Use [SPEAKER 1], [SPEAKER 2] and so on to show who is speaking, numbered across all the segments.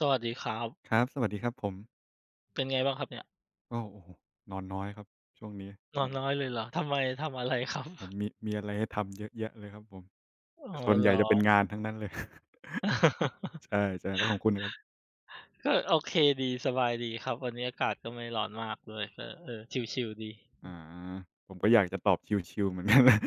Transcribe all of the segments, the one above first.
[SPEAKER 1] สวัสดีครับ
[SPEAKER 2] ครับ สวัสดีครับผม
[SPEAKER 1] เป็นไงบ้างครับเนี่ย?
[SPEAKER 2] โอ้โฮ นอนน้อยครับช่วงนี้
[SPEAKER 1] นอนน้อยเลยเหรอ ทำไม ทำอะไรครับ?
[SPEAKER 2] ผมมี มีอะไรให้ทำเยอะแยะเลยครับผม
[SPEAKER 1] อ๋อ
[SPEAKER 2] แต่ส่วน
[SPEAKER 1] เห
[SPEAKER 2] ใ
[SPEAKER 1] ร
[SPEAKER 2] หญ่
[SPEAKER 1] อ?
[SPEAKER 2] จะเป็นงานทั้งนั้นเลย ใช่ ๆ แล้วของคุณครับ?
[SPEAKER 1] ก็โอเคดี สบายดีครับ วันนี้อากาศก็ไม่ร้อนมากด้วย ก็ เออ ชิล ๆ ดี อ
[SPEAKER 2] อ
[SPEAKER 1] ื
[SPEAKER 2] า
[SPEAKER 1] ม
[SPEAKER 2] ผมก็อยากจะตอบชิล ๆ เหมือน กันนะ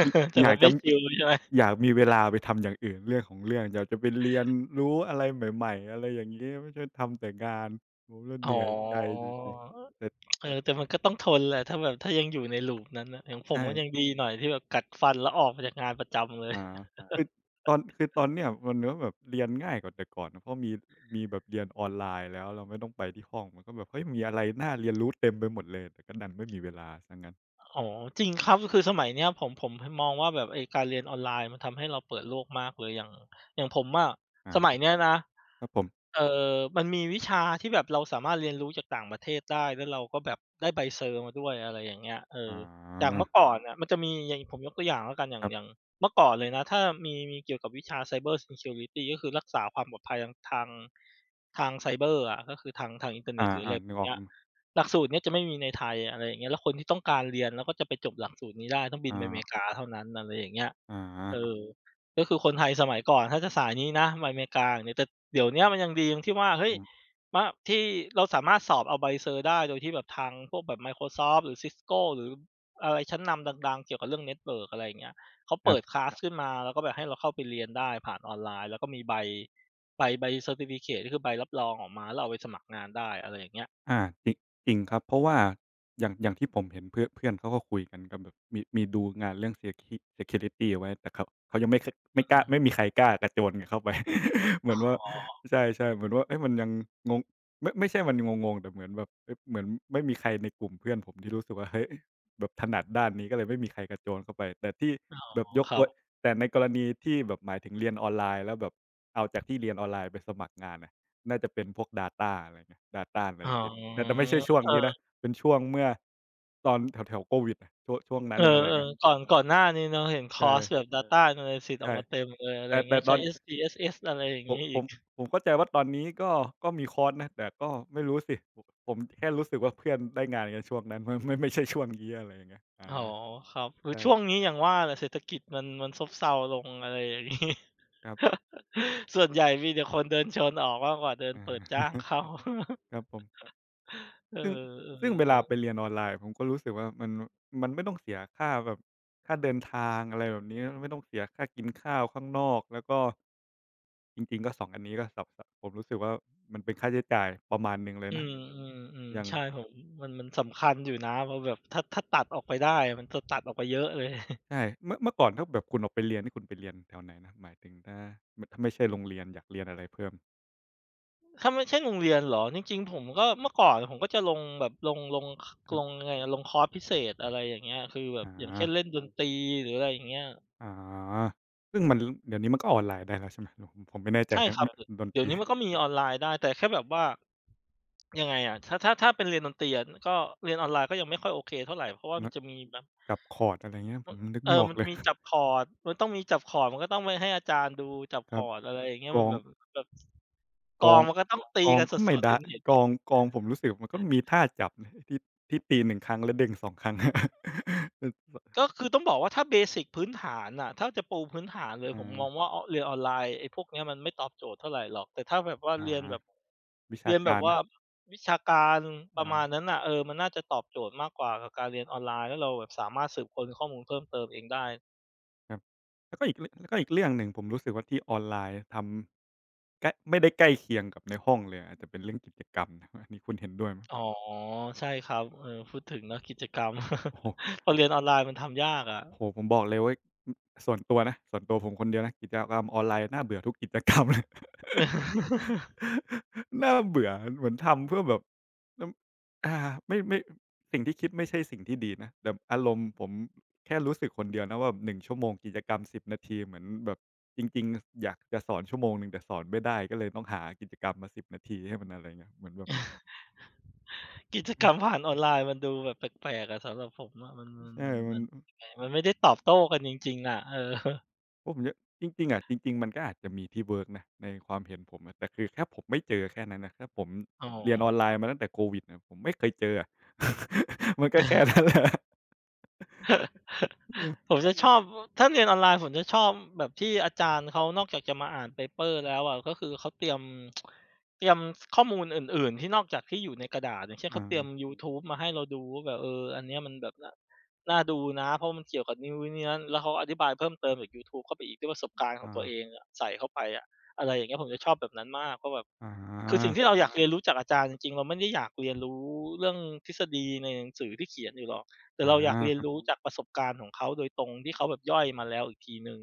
[SPEAKER 1] แต่
[SPEAKER 2] อย
[SPEAKER 1] มั
[SPEAKER 2] า
[SPEAKER 1] น
[SPEAKER 2] ก
[SPEAKER 1] ไม
[SPEAKER 2] จะ
[SPEAKER 1] ่ชิลใช่ไหม?
[SPEAKER 2] อยากมีเวลาไปทำอย่างอื่นเรื่องของเรื่อง อยากจะไปเรียนรู้อะไรใหม่ ๆ อะไรอย่างงี้ ไม่ใช่ทำแต่งาน ผมล่ะ
[SPEAKER 1] อ
[SPEAKER 2] เหนื
[SPEAKER 1] ๋อ
[SPEAKER 2] ่อยใจจริง ๆ แต่
[SPEAKER 1] เออ แต่มันก็ต้องทนแหละ ถ้าแบบถ้ายังอยู่ใน Loop นั้นอะ อย่างผ
[SPEAKER 2] ใช
[SPEAKER 1] มก็ย
[SPEAKER 2] ่
[SPEAKER 1] ังดีหน่อยที่แบบกัดฟันแล้วออกมาจากงานประจำเลย
[SPEAKER 2] อา คือตอน คือตอนเนี่ยมันว่าแบบเรียนง่ายกว่าแต่ก่อน เพราะมี มีแบบเรียนออนไลน์แล้ว เราไม่ต้องไปที่ห้องมันก็แบบ เฮ้ย มีอะไรน่าเรียนรู้เต็มไปหมดเลย แต่ก็ดันไม่มีเวลาเสียงั้น
[SPEAKER 1] อ๋อ จริงครับ คือสมัยเนี้ยผม ผมมองว่าแบบไอ้การเรียนออนไลน์ มันทำให้เราเปิดโลกมากเลย อย่าง อย่างผมอะ
[SPEAKER 2] อา
[SPEAKER 1] สม
[SPEAKER 2] ค
[SPEAKER 1] ั
[SPEAKER 2] ร
[SPEAKER 1] ย
[SPEAKER 2] ับ
[SPEAKER 1] นี้นะ
[SPEAKER 2] ครับผม
[SPEAKER 1] เออ มันมีวิชาที่แบบเราสามารถเรียนรู้จากต่างประเทศได้ แล้วเราก็แบบได้ใบ เซอร์ มาด้วย อะไรอย่างเงี้ย เอ
[SPEAKER 2] อ๋
[SPEAKER 1] อ อย่างเมื่อ
[SPEAKER 2] อ
[SPEAKER 1] ก่อนอะมันจะมีอย่าง ผมยกตัวอย่างแล้วกัน อย่าง
[SPEAKER 2] ครับ
[SPEAKER 1] อย่างเมื่อก่อนเลยนะถ้ามี มีเกี่ยวกับ วิชา Cyber Security ก็คือรักษาความปลอดภัยทาง ทาง ทางไซเบอร์อะ ก็คือทาง ทางอินเทอร์เ
[SPEAKER 2] อ
[SPEAKER 1] น็ต หรืออะไ
[SPEAKER 2] า
[SPEAKER 1] รพ
[SPEAKER 2] ๆ นึ
[SPEAKER 1] ว
[SPEAKER 2] ก
[SPEAKER 1] ก
[SPEAKER 2] ออ
[SPEAKER 1] นี
[SPEAKER 2] ก
[SPEAKER 1] ้
[SPEAKER 2] อืม
[SPEAKER 1] หลักสูตรนี้จะไม่มีในไทย อะไรอย่างเงี้ย แล้วคนที่ต้องการเรียน แล้วก็จะไปจบหลักสูตรนี้ได้ต้องบินไปอเม
[SPEAKER 2] อา
[SPEAKER 1] ริกาเท่านั้น อะไรอย่างเงี้ย
[SPEAKER 2] อา
[SPEAKER 1] เอ
[SPEAKER 2] ครับ
[SPEAKER 1] อ ก็คือคนไทยสมัยก่อน ถ้าจะสายนี้นะมาอเมริกา แต่เดี๋ยวนี้มันยังดีตรงที่ว่า เฮ้
[SPEAKER 2] อื
[SPEAKER 1] ย
[SPEAKER 2] ม
[SPEAKER 1] มะ ที่เราสามารถสอบเอาใบ เซอร์ ได้โดยที่แบบทางพวกแบบไมโครซอฟต์ หรือซิสโก้ หรืออะไรชั้นนำดัง ๆ เกี่ยวกับเรื่องเน็ตเวิร์ก อะไรอย่างเงี้ย เขา
[SPEAKER 2] ค
[SPEAKER 1] เป
[SPEAKER 2] รั
[SPEAKER 1] ิ
[SPEAKER 2] บ
[SPEAKER 1] ด คลาส ขึ้นมา แล้วก็แบบให้เราเข้าไปเรียนได้ผ่านออนไลน์แล้วก็มีใบ ใบ ใบ เซอร์ทิฟิเคิต คือใบรับรองออกมา แล้วเราเอาไปสมัครงานได้ อะไรอย่างเงี้ย
[SPEAKER 2] อา จริง จริงครับ เพราะว่า อย่าง อย่างที่ผมเห็นเพื่อน เพื่อนเขาก็คุยกันแบบ มี มีดูงานเรื่อง เซคิ Security เอาไว้แหละครับ เขายังไม่ ไ
[SPEAKER 1] อ
[SPEAKER 2] ม
[SPEAKER 1] ื
[SPEAKER 2] ่
[SPEAKER 1] อฮ
[SPEAKER 2] กล้า
[SPEAKER 1] ึ
[SPEAKER 2] ไม่มีใครกล้ากระโจนเข้าไป เหม
[SPEAKER 1] อ
[SPEAKER 2] ื
[SPEAKER 1] ๋
[SPEAKER 2] อนว่า
[SPEAKER 1] อ
[SPEAKER 2] ใช่ ๆ เหมือนว่า เอ๊ะ มันยังงง ไม่ใช่มันงง ๆ แต่เหมือนแบบ เออ เหมือนไม่มีใครในกลุ่มเพื่อนผมที่รู้สึกว่า เฮ้ย แบบถนัดด้านนี้ ก็เลยไม่มีใครกระโจนเข้าไป แต่ที่
[SPEAKER 1] อ๋อ
[SPEAKER 2] แบบยก
[SPEAKER 1] ครั
[SPEAKER 2] ตัว
[SPEAKER 1] บ
[SPEAKER 2] แต่ในกรณีที่แบบ หมายถึงเรียนออนไลน์แล้วแบบเอาจากที่เรียนออนไลน์ไปสมัครงานน่ะ น่าจะเป็นพวก Data อะไรเงี้ย Data
[SPEAKER 1] อ๋อ
[SPEAKER 2] Analysis แต่ แต่ไม่ใช่ช่วง
[SPEAKER 1] เอ
[SPEAKER 2] น
[SPEAKER 1] อ
[SPEAKER 2] ี้นะ เป็นช่วงเมื่อตอนแถว ๆ โควิด ช่วง ช่วงน
[SPEAKER 1] เ
[SPEAKER 2] ั
[SPEAKER 1] อ
[SPEAKER 2] ้
[SPEAKER 1] อ
[SPEAKER 2] น อะไรเงี้ย
[SPEAKER 1] ๆ ก่อน ก่อนหน้านี้เนาะ เห็นค
[SPEAKER 2] ใช
[SPEAKER 1] อร์ส
[SPEAKER 2] ่
[SPEAKER 1] แบบ Data Analysis
[SPEAKER 2] ใ
[SPEAKER 1] อ
[SPEAKER 2] ช
[SPEAKER 1] อก
[SPEAKER 2] ่
[SPEAKER 1] มาเต็มเลย อะไ
[SPEAKER 2] แ
[SPEAKER 1] ร
[SPEAKER 2] ต่
[SPEAKER 1] อย่างเ
[SPEAKER 2] แ
[SPEAKER 1] ง
[SPEAKER 2] ต
[SPEAKER 1] ี้
[SPEAKER 2] ่
[SPEAKER 1] ย ใช
[SPEAKER 2] ต
[SPEAKER 1] ้
[SPEAKER 2] อน
[SPEAKER 1] SDSS อะไรอย่าง
[SPEAKER 2] ผ
[SPEAKER 1] งี้
[SPEAKER 2] ม
[SPEAKER 1] อ
[SPEAKER 2] ผ
[SPEAKER 1] ีก
[SPEAKER 2] ม ผมเข้าใจว่าตอนนี้ ก็ ก็มีคอร์สนะ แต่ก็ไม่รู้สิ ผม ผมแค่รู้สึกว่า เพื่อนได้งานกันช่วงนั้น ไม่ ไม่ใช่ช่วงนี้ อะไรอย่างเงี้ย อา
[SPEAKER 1] อ๋อ ครับ คื
[SPEAKER 2] ใ
[SPEAKER 1] อ
[SPEAKER 2] ช
[SPEAKER 1] ช่
[SPEAKER 2] ่
[SPEAKER 1] วงนี้อย่างว่าแหละเศรษฐกิจมัน มันซบเซาลง อะไรอย่างงี้
[SPEAKER 2] ครับ
[SPEAKER 1] ส่วนใหญ่มีแต่คนโดนเชิญออกมากกว่าโดน
[SPEAKER 2] อือ
[SPEAKER 1] เปิดจ้างเข้า
[SPEAKER 2] ครับผม
[SPEAKER 1] เออ
[SPEAKER 2] ซึ่ง ซึ่งเวลาไ
[SPEAKER 1] ๆ
[SPEAKER 2] ป
[SPEAKER 1] ๆ
[SPEAKER 2] เรียนออนไลน์ผมก็รู้สึกว่า มัน มันไม่ต้องเสียค่าแบบ ค่าเดินทาง อะไรแบบนี้ ไม่ต้องเสียค่ากินข้าวข้างนอก แล้วก็ จริง ๆ ก็ 2 อันนี้ ก็สำหรับผมรู้สึกว่า มันเป็นค่าใช้จ่ายประมาณหนึ่งเล
[SPEAKER 1] อ
[SPEAKER 2] ย
[SPEAKER 1] ื
[SPEAKER 2] นะ
[SPEAKER 1] ม
[SPEAKER 2] อย
[SPEAKER 1] ๆ
[SPEAKER 2] ่า
[SPEAKER 1] ๆ
[SPEAKER 2] ง
[SPEAKER 1] ใช่ผม มัน มันสำคัญอยู่นะว่าแบบถ้า ถ้าตัดออกไปได้ มันจะตัดออกไปเยอะเลย
[SPEAKER 2] ใช่ เมื่อ เมื่อก่อน ถ้าแบบคุณออกไปเรียนนี่คุณไปเรียนแถวไหนนะ? หมายถึง ถ้าไม่ ถ้าไม่ใช่โรงเรียนอยากเรียนอะไรเพิ่ม?
[SPEAKER 1] ถ้าไม่ใช่โรงเรียนเหรอ จริง ๆ ผมก็ เมื่อก่อนผมก็จะลงแบบ ลง ลง
[SPEAKER 2] คร
[SPEAKER 1] ล
[SPEAKER 2] ับ
[SPEAKER 1] ง ไงอะ ลงคอร์สพิเศษ อะไรอย่างเงี้ย คือแบบ
[SPEAKER 2] อ
[SPEAKER 1] อย่างเช่น
[SPEAKER 2] า
[SPEAKER 1] เล่นดนตรี หรืออะไรอย่างเงี้ย
[SPEAKER 2] อา ซึ่งมัน เดี๋ยวนี้มันก็ออนไลน์ได้แล้วใช่ไหม? [unintelligible] ผมไม่แน่ใจ
[SPEAKER 1] ใช่ครับ
[SPEAKER 2] [unintelligible] ดน
[SPEAKER 1] เดี
[SPEAKER 2] ต
[SPEAKER 1] ๋ย
[SPEAKER 2] ร
[SPEAKER 1] ว
[SPEAKER 2] ี
[SPEAKER 1] นี้มันก็มีออนไลน์ได้ แต่แค่แบบว่า ยังไงอะ ถ้า ถ้า ถ้าเป็นเรียนดนตรีอะ ก็เรียนออนไลน์ ก็ยังไม่ค่อยโอเคเท่าไร เพราะว่า
[SPEAKER 2] ฮ
[SPEAKER 1] มันจะมีแบบ
[SPEAKER 2] จับคอร์ด อะไรอย่างเงี้ย
[SPEAKER 1] ฮ
[SPEAKER 2] ผมนึก
[SPEAKER 1] เอ
[SPEAKER 2] ไ
[SPEAKER 1] ่
[SPEAKER 2] ม่
[SPEAKER 1] อ
[SPEAKER 2] ออกเลย
[SPEAKER 1] มีจับคอร์ด มันต้องมีจับคอร์ด มันก็ต้องไปให้อาจารย์ดู จับค
[SPEAKER 2] ครั
[SPEAKER 1] อ
[SPEAKER 2] บ
[SPEAKER 1] ร์ด อะไรอย่างเงี้ย
[SPEAKER 2] กล
[SPEAKER 1] มัน
[SPEAKER 2] อง
[SPEAKER 1] แบบ แบบ ก
[SPEAKER 2] ก
[SPEAKER 1] ล
[SPEAKER 2] ล
[SPEAKER 1] อ
[SPEAKER 2] อ
[SPEAKER 1] ง
[SPEAKER 2] ง
[SPEAKER 1] มันก็ต้องตี
[SPEAKER 2] กลอง
[SPEAKER 1] กัน
[SPEAKER 2] ก
[SPEAKER 1] ส
[SPEAKER 2] ็ไม่
[SPEAKER 1] ด
[SPEAKER 2] ไ
[SPEAKER 1] ๆ
[SPEAKER 2] ด
[SPEAKER 1] เ
[SPEAKER 2] ้
[SPEAKER 1] ห็น ๆ
[SPEAKER 2] ก
[SPEAKER 1] อื
[SPEAKER 2] ล
[SPEAKER 1] อ
[SPEAKER 2] อง กลองผมรู้สึก มันก็มีท่าจับ ที่ ที่ตี 1 ครั้ง และดึง 2 ครั้ง
[SPEAKER 1] ก็คือต้องบอกว่า ถ้า เบสิก พื้นฐานอะ ถ้าจะปูพื้นฐานเลย
[SPEAKER 2] อื
[SPEAKER 1] ผมมอง
[SPEAKER 2] ม
[SPEAKER 1] ว่า ออน เรียนออนไลน์ ไอ้พวกเนี้ยมันไม่ตอบโจทย์เท่าไรหรอก แต่ถ้าแบบว่า
[SPEAKER 2] อา
[SPEAKER 1] เรียนแบบ
[SPEAKER 2] วิช
[SPEAKER 1] เร
[SPEAKER 2] า
[SPEAKER 1] ียน
[SPEAKER 2] ก
[SPEAKER 1] แบ
[SPEAKER 2] า
[SPEAKER 1] บว่า
[SPEAKER 2] ร
[SPEAKER 1] วิชาการ ประ
[SPEAKER 2] อ
[SPEAKER 1] มา
[SPEAKER 2] า
[SPEAKER 1] ณนั้นน่ะ เออ มันน่าจะตอบโจทย์มากกว่า กับการเรียนออนไลน์ แล้วเราแบบสามารถสืบค้นข้อมูลเพิ่มเติมเองได้
[SPEAKER 2] ครับ แล้วก็อีกเรื่อง แล้วก็อีกเรื่องหนึ่ง ผมรู้สึกว่า ที่ออนไลน์ทำ ใกล้ ไม่ได้ใกล้เคียงกับในห้อง เลย อาจจะเป็นเรื่องกิจกรรมนะ อันนี้คุณเห็นด้วยไหม?
[SPEAKER 1] อ๋อ ใช่ครับ เออ พูดถึงนักกิจกรรม
[SPEAKER 2] โอ้โฮ
[SPEAKER 1] พอเรียนออนไลน์ มันทำยากอะ
[SPEAKER 2] โอ้โฮ ผมบอกเลยเว้ย อ ส่วนตัวนะ ส่วนตัวผมคนเดียวนะ กิจกรรมออนไลน์ น่าเบื่อทุกกิจกรรม เลย
[SPEAKER 1] เออ
[SPEAKER 2] น่าเบื่อ เหมือน เหมือนทำเพื่อแบบ อืม อา ไม่ ไม่ สิ่งที่คิดไม่ใช่สิ่งที่ดีนะ แบบอารมณ์ผมแค่รู้สึกคนเดียวนะว่า 1 ชั่วโมง กิจกรรม 10 นาที เหมือนแบบจริง ๆ อะอยากจะสอน 1 ชั่วโมง แต่สอนไม่ได้ ก็เลยต้องหากิจกรรมมา 10 นาที ให้มันอะไรอย่างเงี้ย เหมือนแบบ
[SPEAKER 1] กิจ
[SPEAKER 2] อ
[SPEAKER 1] ก
[SPEAKER 2] ื
[SPEAKER 1] ร
[SPEAKER 2] ม
[SPEAKER 1] รมผ่านออนไลน์ มันดูแบบแปลก ๆ อะ สำหรับผมอะ มัน มัน
[SPEAKER 2] เออ
[SPEAKER 1] มัน
[SPEAKER 2] ม
[SPEAKER 1] ม
[SPEAKER 2] ั
[SPEAKER 1] ั
[SPEAKER 2] น
[SPEAKER 1] นยังไง มันไม่ได้ตอบโต้กันจริง ๆ อะ เออ
[SPEAKER 2] ผมจะ จริง ๆ อะ จริง ๆ มันก็อาจจะมีที่เวิร์กนะ ในความเห็นผมนะ แต่คือถ้าผมไม่เจอแค่นั้นนะ ถ้าผม
[SPEAKER 1] อ๋อ
[SPEAKER 2] เรียนออนไ
[SPEAKER 1] ค
[SPEAKER 2] ล
[SPEAKER 1] รั
[SPEAKER 2] น
[SPEAKER 1] บ
[SPEAKER 2] ์มาตั้งแต่โควิดน่ะ ผมไม่เคยเจออะ มันก็แค่ นั้นแหละ เออ
[SPEAKER 1] ผมจะชอบ ถ้าเรียนออนไลน์ผมจะชอบแบบที่อาจารย์ เขานอกจากจะมาอ่าน เพเปอร์ แล้วอะ ก็คือเขาเตรียม เตรียม ข้อมูลอื่น ๆ ที่นอกจากที่อยู่ในกระดาษ อย่างเช่น เข
[SPEAKER 2] อ
[SPEAKER 1] าเตรีย
[SPEAKER 2] า
[SPEAKER 1] มยูทูบมาให้เราดูว่าแบบ เออ อันเนี้ยมันแบบน่า น่าดูนะ เพราะมันเกี่ยวกับนี้นู้นนี่นั่น แล้วเขาอธิบายเพิ่มเติมจากยูทูบเข้าไปอีกด้วยประสบการณ์ขอ
[SPEAKER 2] อ
[SPEAKER 1] งตัวเอ
[SPEAKER 2] า
[SPEAKER 1] งอะ ใส่เข้าไปอะ อะไรอย่างเงี้ย ผมจะชอบแบบนั้นมาก เพราะแบบ
[SPEAKER 2] อ
[SPEAKER 1] คือสิ่ง
[SPEAKER 2] า
[SPEAKER 1] ที่เราอยาก เรียนรู้จากอาจารย์จริง ๆ เราไม่ได้อยากเรียน รู้เรื่องทฤษฎีในหนังสือที่เขียนอยู่หรอก แต่
[SPEAKER 2] อา
[SPEAKER 1] เราอยากเรีย
[SPEAKER 2] ค
[SPEAKER 1] น
[SPEAKER 2] รับ
[SPEAKER 1] รู้ จากประสบการณ์ของเขาโดยตรง ที่เขาแบบย่อยมาแล้วอีกทีหนึ่ง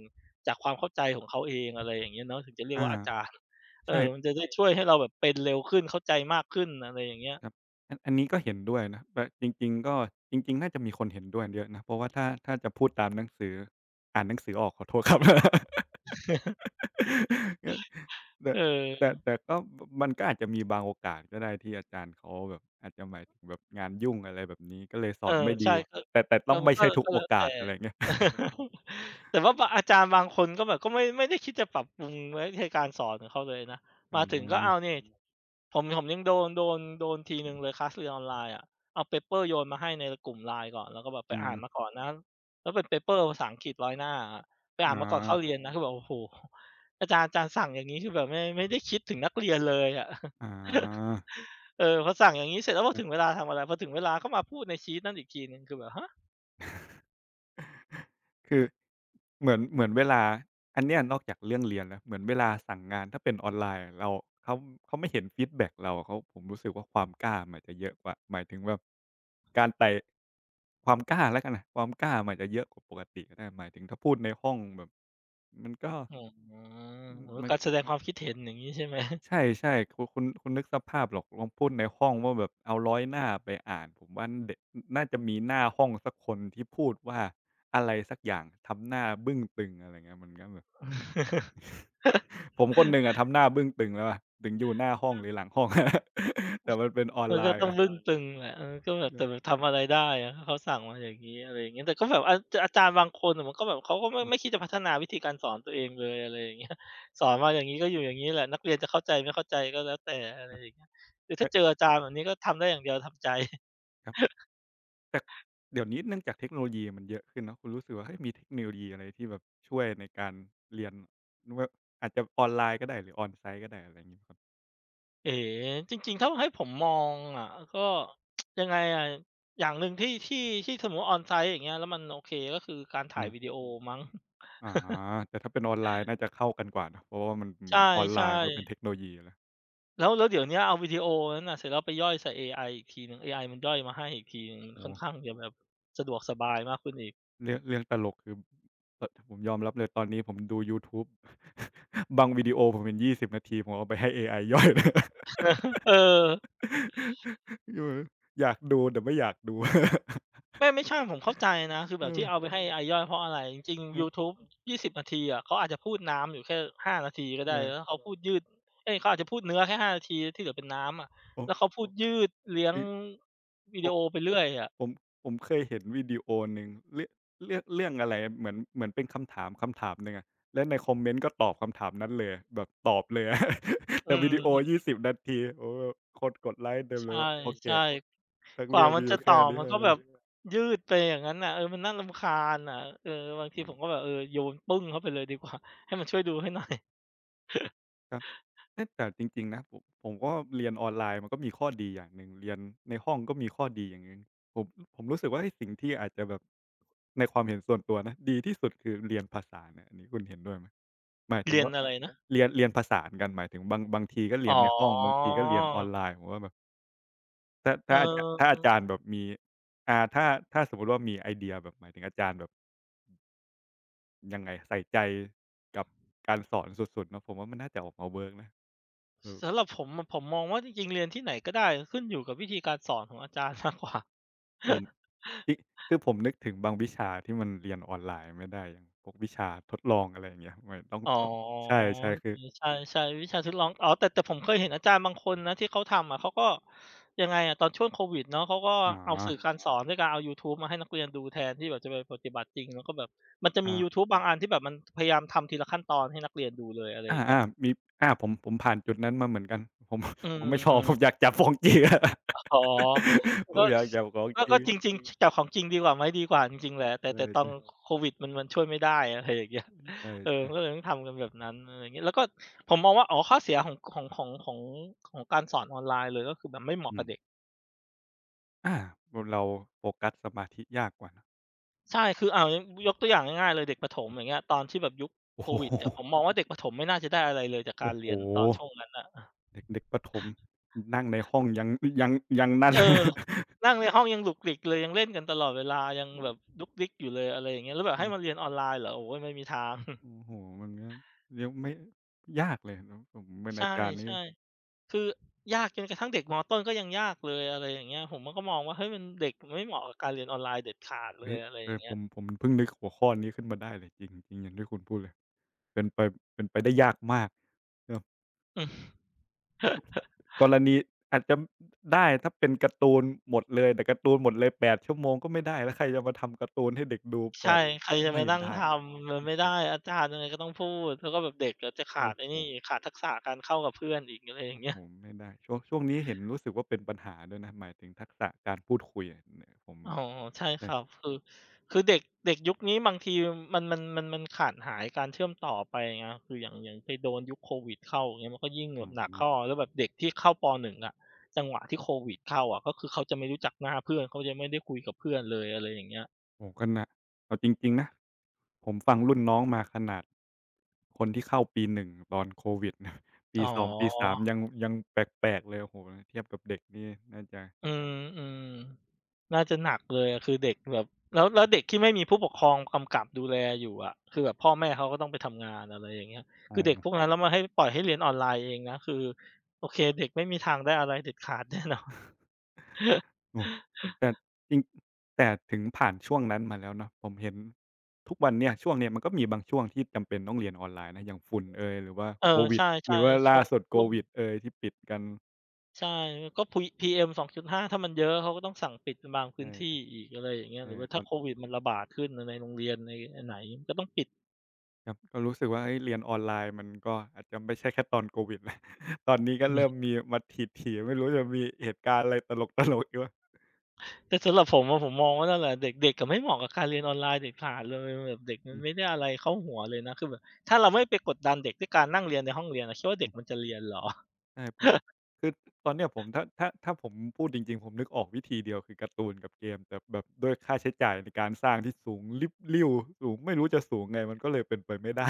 [SPEAKER 1] จากความเข้าใจของเขาเอง อะไรอย่างเงี้ยเนาะ ถึงจะเรีย
[SPEAKER 2] อ
[SPEAKER 1] ก
[SPEAKER 2] า
[SPEAKER 1] ว่า อาจารย์ เ
[SPEAKER 2] ใ
[SPEAKER 1] อ
[SPEAKER 2] ช
[SPEAKER 1] อ
[SPEAKER 2] ่
[SPEAKER 1] มันจะ ได้ช่วย ให้เราแบบเป็นเร็วขึ้น เข้าใจมากขึ้น อะไรอย่างเงี้ย
[SPEAKER 2] ครับ อ อันนี้ก็เห็นด้วยนะ แต่จริง ๆ ก็ จริง ๆ น่าจะมีคนเห็นด้วยเยอะนะ เพราะว่า ถ้า ถ้าจะพูดตามหนังสือ อ่านหนังสือออก ขอโทษครับ แด
[SPEAKER 1] เ
[SPEAKER 2] ะ แต่
[SPEAKER 1] ออ
[SPEAKER 2] แต่ต้อง บ มันก็อาจจะมีบางโอกาสก็ได้ ที่อาจารย์เขาแบบ อาจจะหมายถึงแบบงานยุ่ง อะไรแบบนี้ ก็เลยส
[SPEAKER 1] เออ
[SPEAKER 2] อนไม่ด
[SPEAKER 1] ใช่
[SPEAKER 2] ี
[SPEAKER 1] ก็
[SPEAKER 2] แต่ แต่ต้
[SPEAKER 1] ก็
[SPEAKER 2] อง
[SPEAKER 1] ม
[SPEAKER 2] ไ
[SPEAKER 1] ั
[SPEAKER 2] ม
[SPEAKER 1] น
[SPEAKER 2] ่
[SPEAKER 1] ก
[SPEAKER 2] ใ
[SPEAKER 1] ็
[SPEAKER 2] ช่ทุ
[SPEAKER 1] ก
[SPEAKER 2] ก
[SPEAKER 1] ็
[SPEAKER 2] โ
[SPEAKER 1] แ
[SPEAKER 2] อ
[SPEAKER 1] ล้ว
[SPEAKER 2] ก
[SPEAKER 1] แต
[SPEAKER 2] า
[SPEAKER 1] ่
[SPEAKER 2] ส อะไรเงี้ย
[SPEAKER 1] แต่ว่าบาง อาจารย์บางคนก็แบบ ก็ไม่ ไม่ได้คิดจะปรับปรุงวิธีการสอนของเขาเลยนะ
[SPEAKER 2] อ
[SPEAKER 1] มาถึงก็ อ้
[SPEAKER 2] า
[SPEAKER 1] าว นี่ ผม ผมยังโดน โดน โดน ทีหนึ่งเลย คลาสเรียนออนไลน์อะ เอา เพเปอร์ โยนมาให้ในกลุ่ม LINE ก่อน แล้วก็แบบ "ไป
[SPEAKER 2] อ
[SPEAKER 1] อ่าน
[SPEAKER 2] ือ
[SPEAKER 1] มาก่อนนะ" แล้วเป็น เพเปอร์ ภาษาอังกฤษ 100 หน้าอะ "ไปอ่า
[SPEAKER 2] อ
[SPEAKER 1] นมา ก่อนเข้า
[SPEAKER 2] า
[SPEAKER 1] เรียนนะ" คือแบบ โอ้โฮ อาจารย์ อาจารย์สั่งอย่างงี้ คือแบบไม่ ไม่ได้คิดถึงนักเรียนเลยอะ
[SPEAKER 2] อา
[SPEAKER 1] เออ พอสั่งอย่างงี้เสร็จ แล้วพอถึงเวลาทำอะไร พอถึงเวลาก็มาพูดในชีตนั่นอีกทีหนึ่ง คือแบบ ฮะ!
[SPEAKER 2] คือเหมือน เหมือนเวลา อันเนี้ย นอกจากเรื่องเรียนนะ เหมือนเวลาสั่งงานถ้าเป็นออนไลน์ เรา เขา เขาไม่เห็นฟีดแบ็กเรา เขา ผมรู้สึกว่าความกล้ามันจะเยอะกว่า หมายถึงว่าการไต่ความกล้าละกันอะ ความกล้ามันจะเยอะกว่าปกติก็ได้ หมายถึงถ้าพูด ในห้องแบบ มันก็
[SPEAKER 1] อ๋อ หรือว่
[SPEAKER 2] ม
[SPEAKER 1] า
[SPEAKER 2] ัน
[SPEAKER 1] การแสดงความคิดเห็น อย่างงี้ใช่ไหม?
[SPEAKER 2] ใช่ ๆ คุณ คุณนึกสภาพหรอก ลองพูดในห้องว่าแบบเอา 100 หน้าไปอ่าน ผมว่าน่าจะมีหน้าห้องสักคนที่พูดว่า อะไรสักอย่าง ทำหน้าบึ้งตึง อะไรอย่างเงี้ย มันก็แบบ ผมคนหนึ่งอะ ทำหน้าบึ้งตึงแล้วอะ ถึงอยู่หน้าห้องหรือหลังห้อง แต่มันเป็นออ
[SPEAKER 1] บ
[SPEAKER 2] น
[SPEAKER 1] า
[SPEAKER 2] ไ
[SPEAKER 1] ง
[SPEAKER 2] ล
[SPEAKER 1] เรื่อง
[SPEAKER 2] น
[SPEAKER 1] ก็
[SPEAKER 2] ์
[SPEAKER 1] ต้องบึ้งตึง แหละ เออ ก็แบบ
[SPEAKER 2] เหร
[SPEAKER 1] แต่
[SPEAKER 2] อ
[SPEAKER 1] แบบทำอะไรได้อะ เขาสั่งมาอย่างงี้ อะไรอย่างงี้ แต่ก็แบบ อา อาจารย์บางคนอะ มันก็แบบเขาก็ไม่
[SPEAKER 2] อื
[SPEAKER 1] ไ
[SPEAKER 2] ม
[SPEAKER 1] ม่คิดจะพัฒนาวิธีการสอนตัวเองเลย อะไรอย่างเงี้ย สอนมาอย่างงี้ ก็อยู่อย่างงี้แหละ นักเรียนจะเข้าใจไม่เข้าใจก็แล้วแต่ อะไร
[SPEAKER 2] ครับ
[SPEAKER 1] อย่างเงี้ย คือ
[SPEAKER 2] เ
[SPEAKER 1] ถ้
[SPEAKER 2] อ
[SPEAKER 1] า
[SPEAKER 2] อ
[SPEAKER 1] เจออาจารย์แบบนี้ ก็ทำได้อย่างเดียว ทำใจ
[SPEAKER 2] ครับ แต่เดี๋ยวนี้เนื่องจากเทคโนโลยีมันเยอะขึ้นเนาะ คุณรู้สึกว่า เฮ้ย มีเทคโนโลยีอะไรที่แบบช่วยในการเรียน หรือว่าอาจจะออนไลน์ก็ได้หรือ On-site ก็ได้อะไรอย่างงี้ครับ?
[SPEAKER 1] เอ๋ จริง ๆ ถ้าให้ผมมองอะ ก็ ยังไงอะ อย่างหนึ่งที่ ที่ ที่สมมุติว่า on-site อย่างเงี้ย แล้วมันโอเค ก็คือการถ
[SPEAKER 2] อ
[SPEAKER 1] ่
[SPEAKER 2] ื
[SPEAKER 1] าย
[SPEAKER 2] ม
[SPEAKER 1] วีดีโอมั้ง
[SPEAKER 2] อา แต่ถ้าเป็นออนไลน์น่าจะเข้ากันกว่านะ เพราะว่ามันเห
[SPEAKER 1] ใช
[SPEAKER 2] มือนออนไล
[SPEAKER 1] ่
[SPEAKER 2] น์ก็เป็น
[SPEAKER 1] ๆ
[SPEAKER 2] เทคโนโลยีนะ
[SPEAKER 1] แล้ว แล้วเดี๋ยวเนี้ยเอาวิดีโอนั้นน่ะเสร็จแล้วไปย่อยใส่เอไออีกทีหนึ่ง เอไอมันย่อยมาให้อีกทีหนึ่ง
[SPEAKER 2] อ๋
[SPEAKER 1] ค่อนข้างจะแบบสะ
[SPEAKER 2] อ
[SPEAKER 1] ดวก สบายมากขึ้นอีก
[SPEAKER 2] เรื่อง เรื่องตลกคือ ผ ผมยอมรับเลยตอนนี้ผมดู Youtube บางวิดีโอผมเป็น 20 นาที ผมเอาไปให้เอไอย่อย
[SPEAKER 1] เออ
[SPEAKER 2] ย อยากดูแต่ไม่อยากดู
[SPEAKER 1] ไม่ ไม่ใช่ ผมเข้าใจนะ คือแ
[SPEAKER 2] เอ
[SPEAKER 1] บบที
[SPEAKER 2] อ
[SPEAKER 1] ่เอาไปให้เอไอ ย่อยเพราะอะไร จริง
[SPEAKER 2] ฮ
[SPEAKER 1] ๆ
[SPEAKER 2] ึ
[SPEAKER 1] Youtube 20 นาทีอะ เขาอาจจะพูดน้ำอยู่แค่ 5 นาทีก็
[SPEAKER 2] ใ
[SPEAKER 1] ได
[SPEAKER 2] ช
[SPEAKER 1] ้
[SPEAKER 2] ่
[SPEAKER 1] นะ เขาพูดยืด เอ้ย เขาอาจจะพูดเนื้อแค่ 5 นาทีที่เหลือเป็นน้ำอะ
[SPEAKER 2] อ๋
[SPEAKER 1] แล
[SPEAKER 2] อ
[SPEAKER 1] ้วเขาพูดยืดเลี้ยง
[SPEAKER 2] อืม
[SPEAKER 1] วิ
[SPEAKER 2] โอ
[SPEAKER 1] ด
[SPEAKER 2] ้
[SPEAKER 1] ีโอไปเรื่อย อะ
[SPEAKER 2] ผม ผมเคยเห็นวิดีโอหนึ่ง เรื่อง เรื่องอะไรเหมือน เหมือนเป็นคำถาม คำถามหนึ่งอะ แล้วในคอมเมนต์ก็ตอบคำถามนั้นเลยแบบตอบเลยอะ แ
[SPEAKER 1] อ
[SPEAKER 2] ต
[SPEAKER 1] ื
[SPEAKER 2] ่วิ
[SPEAKER 1] ม
[SPEAKER 2] ดีโอ ยี่
[SPEAKER 1] ๆ
[SPEAKER 2] สิบ นาที คนกดไลก์เต็ม
[SPEAKER 1] ใ
[SPEAKER 2] เลย โอเค
[SPEAKER 1] ช่
[SPEAKER 2] ต้อ
[SPEAKER 1] ๆ
[SPEAKER 2] ง
[SPEAKER 1] ก
[SPEAKER 2] เ
[SPEAKER 1] ว
[SPEAKER 2] ล
[SPEAKER 1] ่
[SPEAKER 2] ื
[SPEAKER 1] า
[SPEAKER 2] อก
[SPEAKER 1] ม
[SPEAKER 2] ว
[SPEAKER 1] ั
[SPEAKER 2] ี
[SPEAKER 1] น
[SPEAKER 2] ดิ
[SPEAKER 1] จ
[SPEAKER 2] โ
[SPEAKER 1] ะ
[SPEAKER 2] อแ
[SPEAKER 1] ต
[SPEAKER 2] ค
[SPEAKER 1] ่อ
[SPEAKER 2] ่นี้
[SPEAKER 1] มั
[SPEAKER 2] เ
[SPEAKER 1] น
[SPEAKER 2] อ
[SPEAKER 1] ก็
[SPEAKER 2] าเล
[SPEAKER 1] แบบ
[SPEAKER 2] ย
[SPEAKER 1] ยืดไปอย่างงั้นน่ะ เออ มันน่ารำคาญอะ เออ บาง
[SPEAKER 2] อ
[SPEAKER 1] ที
[SPEAKER 2] ื
[SPEAKER 1] ผม
[SPEAKER 2] ม
[SPEAKER 1] ก็แบบ เออ โยนปึ้ง! เข้าไปเลยดีกว่า ให้มันช่วยดูให้หน่อย
[SPEAKER 2] ครับ เฮ้ย แต่จริง ๆ นะ ผ ผมก็เรียนออนไลน์มันก็มีข้อดี อย่างหนึ่ง เรียนในห้องก็มีข้อดีอย่างอย่างหนึ่ง ผม ผมรู้สึกว่า เอ๊ย สิ่งที่อาจจะแบบในความเห็นส่วนตัวนะ ดีที่สุดคือเรียนประสานกัน อันนี้คุณเห็นด้วยไหม หมายถ
[SPEAKER 1] เร
[SPEAKER 2] ึง
[SPEAKER 1] ีย
[SPEAKER 2] ว
[SPEAKER 1] น
[SPEAKER 2] ่า
[SPEAKER 1] อะไรนะ?
[SPEAKER 2] เรียน เรียนประสานกัน หมายถึงบาง บางทีก็เร
[SPEAKER 1] อ
[SPEAKER 2] ี
[SPEAKER 1] ๋
[SPEAKER 2] ยนในห้อง บางทีก็เรียนออน
[SPEAKER 1] อ
[SPEAKER 2] ไลน์ผมว่าแบบ ถ้า
[SPEAKER 1] เ
[SPEAKER 2] ถ้าอาจา ถ้าอาจ
[SPEAKER 1] ออ
[SPEAKER 2] ารย์แบบมี อ่า ถ้า ถ้าสมมุติว่ามีไอเดียแบบ หมายถึงอาจารย์แบบ ยังไงอะ ใส่ใจกับการสอน สุด ๆ นะ ผมว่า มันน่าจะออกมาเวิร์กนะ เออ
[SPEAKER 1] สำหรับผมอะ ผมมองว่า จริง ๆ เรียนที่ไหนก็ได้ ขึ้นอยู่กับวิธีการสอนของอาจารย์ มากกว่า
[SPEAKER 2] ผม ที่ คือผมนึกถึงบางวิชา ที่มันเรียนออนไลน์ไม่ได้ พวกวิชาทดลอง อะไรอย่างเงี้ย มันจะต้อง
[SPEAKER 1] อ๋อ
[SPEAKER 2] ต้องแบบ ใช่ ๆ คื
[SPEAKER 1] อ
[SPEAKER 2] อ
[SPEAKER 1] ือ ใช่ ๆ วิชาทดลอง อ๋อ แต่ แต่ผมเคยเห็นอาจารย์บางคนนะ ที่เขาทำอะ เขาก็ ยังไงอะ ตอนช่วงโควิดเนาะ เขาก็
[SPEAKER 2] อ๋
[SPEAKER 1] เอาส
[SPEAKER 2] อ
[SPEAKER 1] ื่อการสอน ด้วยการเอายูทูบมาให้นักเรียนดูแทนที่แบบจะไปปฏิบัติจริง แล้วก็แบบ มันจะม
[SPEAKER 2] อ
[SPEAKER 1] ีย
[SPEAKER 2] า
[SPEAKER 1] ูทูบบางอันที่แบบ มันพยายามทำทีละขั้นตอนให้นักเรียนดูเลย อะไร
[SPEAKER 2] อ
[SPEAKER 1] อย่างเงี้ย
[SPEAKER 2] า ๆ มี อา ผม ผมผ่านจุดนั้นมาเหมือนกัน ผม
[SPEAKER 1] อื
[SPEAKER 2] ผมไม่ชอบ
[SPEAKER 1] ม
[SPEAKER 2] ผ
[SPEAKER 1] ๆ ๆ
[SPEAKER 2] ม อยากจับของจริง
[SPEAKER 1] อ๋อ มัน
[SPEAKER 2] ผ
[SPEAKER 1] ก็
[SPEAKER 2] มอยา
[SPEAKER 1] ส
[SPEAKER 2] กจับของ
[SPEAKER 1] ก็
[SPEAKER 2] จ
[SPEAKER 1] ก
[SPEAKER 2] ริ
[SPEAKER 1] ็จ
[SPEAKER 2] ง
[SPEAKER 1] ริง ๆ จับของจริงดีกว่าไหม ดีกว่าจริง ๆ แหละ แต่ แต่ต
[SPEAKER 2] ใ
[SPEAKER 1] อ
[SPEAKER 2] ช
[SPEAKER 1] น
[SPEAKER 2] ่ ๆ
[SPEAKER 1] โควิด มัน มันช่วยไม่ได้ อะไรอย่างเงี้ย
[SPEAKER 2] ใช
[SPEAKER 1] เออ
[SPEAKER 2] ่ ๆ
[SPEAKER 1] ก็เลยต้องทำกันแบบนั้น เออ อย่างเงี้ย แล้วก็ผมมองว่า อ๋อ ข้อเสียของ ของ ของ ของ ของการสอนออนไลน์เลย ก็คือมันไม่เหมา
[SPEAKER 2] อ
[SPEAKER 1] ะ
[SPEAKER 2] ื
[SPEAKER 1] กับ
[SPEAKER 2] ม
[SPEAKER 1] เด็ก
[SPEAKER 2] อา คนเราโฟกัสสมาธิยากกว่า
[SPEAKER 1] ใช่ คือ อ่า อย่าง ม ยกตัวอย่างง่าย ๆ เลย เด็กประถมอย่างเงี้ย ตอนที่แบบยุค
[SPEAKER 2] โอ
[SPEAKER 1] โค
[SPEAKER 2] ้โ
[SPEAKER 1] วิดเนี่ย ผ
[SPEAKER 2] ฮ
[SPEAKER 1] มมองว่าเด็กประถมไม่น่าจะได้อะไรเลยจาก
[SPEAKER 2] โ
[SPEAKER 1] ก
[SPEAKER 2] อ
[SPEAKER 1] า
[SPEAKER 2] ้
[SPEAKER 1] ร
[SPEAKER 2] โ
[SPEAKER 1] เร
[SPEAKER 2] ฮ
[SPEAKER 1] ียนตอนช่วงนั้นน่ะ อะ
[SPEAKER 2] เด็ก ๆ ประถม อือ นั่งในห้องยัง อือ ยัง ยังนั่
[SPEAKER 1] เ
[SPEAKER 2] น
[SPEAKER 1] ออ นั่งในห้องยังหลุกหลิกเลย ยังเล่นกันตลอดเวลา ยัง
[SPEAKER 2] อ
[SPEAKER 1] แบ
[SPEAKER 2] ืม
[SPEAKER 1] บดุ๊กดิ๊กอยู่เลย อะไรอย่างเงี้ย แล้วแบบ
[SPEAKER 2] อ
[SPEAKER 1] ให้
[SPEAKER 2] ืม
[SPEAKER 1] มาเรียนออนไลน์เหรอ โอ๊ย ไม่มีทาง
[SPEAKER 2] โอ้โฮ มันก็ ยังไม่ ยากเลยนะ ผมเป็น
[SPEAKER 1] ใช
[SPEAKER 2] อ
[SPEAKER 1] ่
[SPEAKER 2] าจารย์นี่
[SPEAKER 1] ๆ คือยากจนกระทั่งเด็ก ม.ต้น ก็ยังยากเลย อะไรอย่างเงี้ย ผมมอง ก็มองว่า เฮ้ย มัน เด็กมันไม่เหมาะกับการเรียนออนไลน์เด็ดขาดเล
[SPEAKER 2] เอ๊
[SPEAKER 1] ย
[SPEAKER 2] ะ
[SPEAKER 1] อะไร
[SPEAKER 2] เอ
[SPEAKER 1] อย่
[SPEAKER 2] ่
[SPEAKER 1] า
[SPEAKER 2] อ
[SPEAKER 1] งเงี
[SPEAKER 2] ผ
[SPEAKER 1] ้ย
[SPEAKER 2] ม ผมเพิ่งนึกหัวข้อนี้ขึ้นมาได้เลย จริง ๆ อย่างที่คุณพูดเลย เป็นไป เป็นไปได้ยากมาก ครับ
[SPEAKER 1] อืม
[SPEAKER 2] กรณีอาจจะ ได้ ถ้าเป็นการ์ตูนหมดเลย แต่การ์ตูนหมดเลย 8 ชั่วโมงก็ไม่ได้ แล้วใครจะมาทำการ์ตูนให้เด็กดู
[SPEAKER 1] ใ
[SPEAKER 2] แ
[SPEAKER 1] ช
[SPEAKER 2] ป
[SPEAKER 1] ่
[SPEAKER 2] ด
[SPEAKER 1] ใครจะ
[SPEAKER 2] ไม
[SPEAKER 1] ม
[SPEAKER 2] ่
[SPEAKER 1] านั่ง
[SPEAKER 2] ได้
[SPEAKER 1] ทำ มั
[SPEAKER 2] โ
[SPEAKER 1] น
[SPEAKER 2] อ้
[SPEAKER 1] ไม่
[SPEAKER 2] โ
[SPEAKER 1] ได้
[SPEAKER 2] ฮ
[SPEAKER 1] อาจารย์ยังไงก็ต้องพูด แล้วก็แบบเด็กเดี๋ยวจะข
[SPEAKER 2] โอ
[SPEAKER 1] า
[SPEAKER 2] ้
[SPEAKER 1] ดไอ้
[SPEAKER 2] โ
[SPEAKER 1] นี่
[SPEAKER 2] ฮ
[SPEAKER 1] ขาดทักษะการเข้ากับเพื่อนอีก อะไรอ
[SPEAKER 2] โ
[SPEAKER 1] ย
[SPEAKER 2] อ
[SPEAKER 1] ่าง
[SPEAKER 2] ้
[SPEAKER 1] เง
[SPEAKER 2] โฮ
[SPEAKER 1] ี้ย
[SPEAKER 2] ไม่ได้ ช่วง ช่วงนี้เห็นรู้สึกว่าเป็นปัญหาด้วยนะ หมายถึงทักษะการพูดคุย อย่างเนี้ย ผม
[SPEAKER 1] อ๋อ ใช่
[SPEAKER 2] เน
[SPEAKER 1] ค
[SPEAKER 2] าะ
[SPEAKER 1] รับ คือ คือเด็ก เด็กยุคนี้ บางที อืม มัน มัน มัน มันขาดหายการเชื่อมต่อไปไง คืออย่าง อย่างไปโดนยุคโควิดเข้า อย่างเงี้ย มันก็ยิ่ง
[SPEAKER 2] อ
[SPEAKER 1] แ
[SPEAKER 2] ื
[SPEAKER 1] บบหนักเข
[SPEAKER 2] ม
[SPEAKER 1] ้า อะ แล้วแบบเด็กที่เข้า ป. 1 อะ จังหวะที่โควิดเข้าอะ ก็คือเขาจะไม่รู้จักหน้าเพื่อน เขาจะไม่ได้คุยกับเพื่อนเลย อะไรอย่างเงี้ย
[SPEAKER 2] โอ้ ก็นะ เอาจริง ๆ นะ ผมฟังรุ่นน้องมาขนาด คนที่เข้าปี 1 ตอนโควิด ป
[SPEAKER 1] อ
[SPEAKER 2] ี
[SPEAKER 1] ๋อ
[SPEAKER 2] 2 ปี 3 ยัง ยังแปลก ๆ เลย โอ้โฮ เทียบกับเด็กนี่น่าจะ
[SPEAKER 1] อืม ๆ น่าจะหนักเลยอะ คือเด็กแบบ แล้ว แล้วเด็กที่ไม่มีผู้ปกครองกำกับดูแลอยู่อะ คือแบบพ่อแม่เขาก็ต้องไปทำงาน อะไรอย่างเงี้ย
[SPEAKER 2] อ
[SPEAKER 1] ค
[SPEAKER 2] ๋
[SPEAKER 1] ือเด็ก
[SPEAKER 2] อ
[SPEAKER 1] พวกนั้นแล้วมาให้ ปล่อยให้เรียนออนไลน์เองนะ คือ โอเค เด็กไม่มีทางได้อะไรเด็ดขาด แน่นอน
[SPEAKER 2] โอ้ แต่ จริง แต่ถึงผ่านช่วงนั้นมาแล้วเนาะ ผมเห็นทุกวันนี้ ช่วงนี้มันก็มีบางช่วงที่จำเป็นต้องเรียนออนไลน์นะ อย่างฝุ่นเอย หรือว่า
[SPEAKER 1] เออ
[SPEAKER 2] โคว
[SPEAKER 1] ใ
[SPEAKER 2] ิ
[SPEAKER 1] ช
[SPEAKER 2] ด
[SPEAKER 1] ่
[SPEAKER 2] หรือว่า
[SPEAKER 1] ๆ ช
[SPEAKER 2] ล่
[SPEAKER 1] ่
[SPEAKER 2] า
[SPEAKER 1] วง
[SPEAKER 2] สุด
[SPEAKER 1] ช
[SPEAKER 2] โค
[SPEAKER 1] ่วง
[SPEAKER 2] วิดเอย ที่ปิดกัน
[SPEAKER 1] ใช่ ก็ พุย PM 2.5 ถ้ามันเยอะ เขาก็ต้องสั่งปิดบางพ
[SPEAKER 2] เ
[SPEAKER 1] ื
[SPEAKER 2] อ
[SPEAKER 1] ้นท
[SPEAKER 2] อ
[SPEAKER 1] ี่
[SPEAKER 2] ต
[SPEAKER 1] อีก อะไรอย่างเงี้ย
[SPEAKER 2] เอ
[SPEAKER 1] หรือ
[SPEAKER 2] อ
[SPEAKER 1] ว่า ถ
[SPEAKER 2] ต
[SPEAKER 1] ้
[SPEAKER 2] อ
[SPEAKER 1] า
[SPEAKER 2] น
[SPEAKER 1] โควิดมันระบาดขึ้นอะในโรงเรียนใน อันไหนก็ต้องปิด
[SPEAKER 2] ครับ ก็รู้สึกว่า เฮ้ย เรียนออนไลน์มันก็อาจจะไม่ใช่แค่ตอนโควิด ตอนนี้ก็
[SPEAKER 1] อื
[SPEAKER 2] เริ่
[SPEAKER 1] ม
[SPEAKER 2] มมีมาถี่ ๆ ไม่รู้จะมีเหตุการณ์อะไรตลก ตลก อยู่บ้าง
[SPEAKER 1] แต่สำหรับผมอะ ผมมองว่านั่นแหละ เด็ก ๆ อะ ไม่เหมาะกับการเรียนออนไลน์ เด็ดขาดเลยแบบ เด็กมั
[SPEAKER 2] อ
[SPEAKER 1] น
[SPEAKER 2] ือ
[SPEAKER 1] ไม่ได้อะไรเข้าหัวเลยนะ คือแบบ ถ้าเราไม่ไปกดดันเด็กด้วยการนั่งเรียนในห้องเรียนอะ คิดว่าเ
[SPEAKER 2] อ
[SPEAKER 1] ด็
[SPEAKER 2] ื
[SPEAKER 1] ก
[SPEAKER 2] ม
[SPEAKER 1] มันจะเรียน เหรอ?
[SPEAKER 2] ใช่ ผม คือตอนเนี้ยผม ถ้า ถ้า ถ้าผมพูดจริง ๆ ผมนึกออกวิธีเดียว คือการ์ตูนกับเกม แต่แบบด้วยค่าใช้จ่ายในการสร้างที่สูงริบริ่ว สูงไม่รู้จะสูงไงมันก็เลยเป็นไป ไม่ได้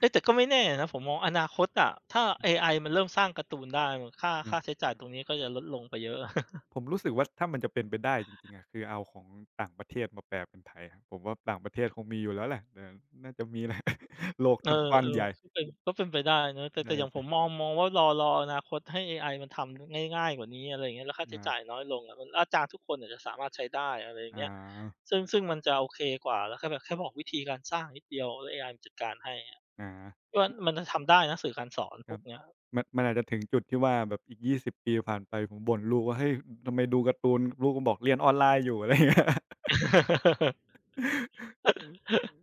[SPEAKER 1] เอ๊ะ แต่ก็ไม่แน่นะ ผมมองอนาคตอะ ถ้าเอไอมันเริ่มสร้างการ์ตูนได้ ค่า ค
[SPEAKER 2] คร
[SPEAKER 1] ่
[SPEAKER 2] ั
[SPEAKER 1] า
[SPEAKER 2] บ
[SPEAKER 1] ใช้จ่ายตรงนี้ ก็จะลดลงไปเยอะ
[SPEAKER 2] ผมรู้สึกว่า ถ้ามันจะเป็นไปได้จริง ๆ อะ คือเอาของต่างประเทศมาแปลเป็นไทย ผมว่าต่างประเทศคงมีอยู่แล้วแหละ [unintelligible] น่าจะ มีแหละ โลก
[SPEAKER 1] เอ
[SPEAKER 2] ม
[SPEAKER 1] อ
[SPEAKER 2] ันกว้างใหญ่
[SPEAKER 1] ๆ ก็เป็น ก็เป็นไปได้เนาะ แต่
[SPEAKER 2] ไ
[SPEAKER 1] แ
[SPEAKER 2] ด
[SPEAKER 1] ต่
[SPEAKER 2] ้
[SPEAKER 1] อย่าง
[SPEAKER 2] ส
[SPEAKER 1] ผ
[SPEAKER 2] ิ
[SPEAKER 1] มมอง มองว่ารอ รออนาคตให้เอไอมันทำง่าย ๆ กว่านี้ อะไรอย่างเงี้ย แล้วค่าใช
[SPEAKER 2] อ
[SPEAKER 1] ้จ่
[SPEAKER 2] า
[SPEAKER 1] ายน้อยลงอะ อาจารย์ทุกคนเนี่ยจะสามารถใช้ได้ อะไรอย่าง
[SPEAKER 2] อ
[SPEAKER 1] เงี้ย
[SPEAKER 2] า
[SPEAKER 1] ซึ่ง ซึ่งมันจะโอเคกว่า แล้วแค่แบบ แค่บอกวิธีการสร้างนิดเดียวแล้วเอไอมันจัดการให้อะ
[SPEAKER 2] อ
[SPEAKER 1] ว่า
[SPEAKER 2] า
[SPEAKER 1] มันจะทำได้นะสื่อการสอน
[SPEAKER 2] ค
[SPEAKER 1] พ
[SPEAKER 2] ร
[SPEAKER 1] ว
[SPEAKER 2] ับ
[SPEAKER 1] กเนี้ย
[SPEAKER 2] มัน มันอาจจะถึงจุดที่ว่าแบบอีก 20 ปีผ่านไป ผมบ่นลูกว่า เฮ้ย ทำไมดูการ์ตูน ลูกก็บอกเรียนออนไลน์อยู่ อะไรอย่างเงี้ย อ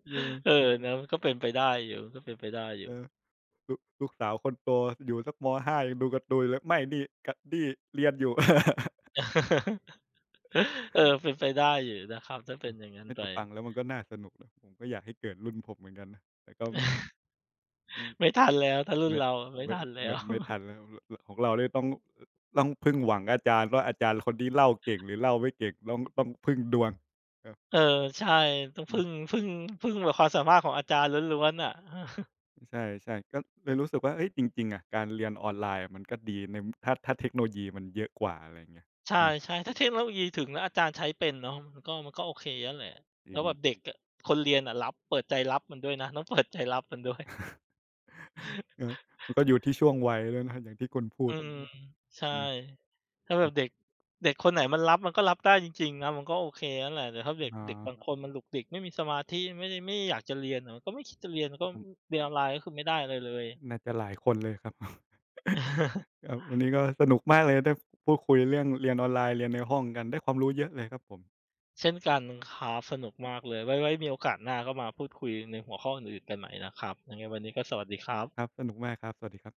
[SPEAKER 2] เออ
[SPEAKER 1] เออ เนาะ ก็เป็นไปได้อยู่ ก็เป็นไปได้อยู
[SPEAKER 2] เอ
[SPEAKER 1] ่
[SPEAKER 2] อ ลูก ลูกสาวคนโตอยู่สัก ม. 5 ยังดูการ์ตูนอยู่เลย ไม่ นี่ ก นี่เรียนอยู่
[SPEAKER 1] เออ เป็นไปได้อยู่นะครับ ถ้าเป็นอย่างนั้
[SPEAKER 2] ใช
[SPEAKER 1] น
[SPEAKER 2] ่
[SPEAKER 1] ไป
[SPEAKER 2] แต่ฟังแล้วมันก็น่าสนุกนะ ผมก็อยากให้เกิดรุ่นผมเหมือนกันนะ แต่ก็ อืม
[SPEAKER 1] ไม่ทันแล้ว ถ้ารุ่
[SPEAKER 2] ไม
[SPEAKER 1] น
[SPEAKER 2] ่
[SPEAKER 1] เรา ไม่
[SPEAKER 2] ไม่
[SPEAKER 1] ทันแล
[SPEAKER 2] ไ
[SPEAKER 1] ้
[SPEAKER 2] ม่
[SPEAKER 1] ว
[SPEAKER 2] ไม่ทันแล้ว ร ร ของเรานี่ต้อง ต้องพึ่งหวังอาจารย์ว่าอาจารย์คนนี้เล่าเก่งหรือเล่าไม่เก่ง ต้อง ต้องพึ่งดวง ครับ
[SPEAKER 1] เออ ใช่ ต้อง
[SPEAKER 2] อ
[SPEAKER 1] พึ่
[SPEAKER 2] ืม
[SPEAKER 1] ง พึ่ง พึ่งแบบความสามารถของอาจารย์ล้วน ๆ น่ะ
[SPEAKER 2] ใช่ ๆ ก็เลยรู้สึกว่า เฮ้ย จริง ๆ อะ การเรียนออนไลน์มันก็ดี ในมุม ถ้า ถ้าเทคโนโลยีมันเยอะกว่า อะไรอย่างเงี้ย
[SPEAKER 1] ใช
[SPEAKER 2] อืม
[SPEAKER 1] ่ ๆ ถ้าเทคโนโลยีถึงแล้วอาจารย์ใช้เป็นเนาะ มันก็ มันก็โอเคนั่นแหละ
[SPEAKER 2] จ
[SPEAKER 1] แ
[SPEAKER 2] ร
[SPEAKER 1] ล
[SPEAKER 2] ิ
[SPEAKER 1] ้วแบบเด็
[SPEAKER 2] ง
[SPEAKER 1] กอะ คนเรียนอะรับ เปิดใจรับมันด้วยนะ ต้องเปิดใจรับมันด้วย
[SPEAKER 2] ครับ มันก็อยู่ที่ช่วงวัยด้วยนะครับ อย่างที่คุณพู
[SPEAKER 1] อื
[SPEAKER 2] ด
[SPEAKER 1] ม
[SPEAKER 2] อืม
[SPEAKER 1] ใช่
[SPEAKER 2] อืม
[SPEAKER 1] ถ้าแ
[SPEAKER 2] ค
[SPEAKER 1] บ
[SPEAKER 2] รั
[SPEAKER 1] บ
[SPEAKER 2] บ
[SPEAKER 1] เด็ก เด็กคนไหนมันรับ มันก็รับได้จริง ๆ นะ มันก็โอเคนั่นแหละ แต่ถ้าเด็ก
[SPEAKER 2] อ๋
[SPEAKER 1] เด็กบ
[SPEAKER 2] อ
[SPEAKER 1] างคนมันหลุกหลิก ไม่มีสมาธิ ไม่ได้ ไม่ได้อยากจะเรียนเหรอ ก็ไม่คิดจะเรียน มัน
[SPEAKER 2] คร
[SPEAKER 1] ก็
[SPEAKER 2] ับผม
[SPEAKER 1] เรียนออนไลน์ ก็คือไม่ได้อะไรเลย
[SPEAKER 2] น่าจะหลายคนเลยครับ ผม วันนี้ก็สนุกมากเลยได้ พ พูดคุยเรื่องเรียนออนไลน์ เรียนในห้องกัน ได้ความรู้เยอะเลยครับผม
[SPEAKER 1] เช่นกันครับ สนุกมากเลย ไว้ ไว้มีโอกาสหน้าก็มาพูดคุยในหัวข้ออื่น ๆ กันใหม่นะครับ ยังไงวันนี้ก็สวัสดีครับ
[SPEAKER 2] ครับ สนุกมากครับ สวัสดีครับ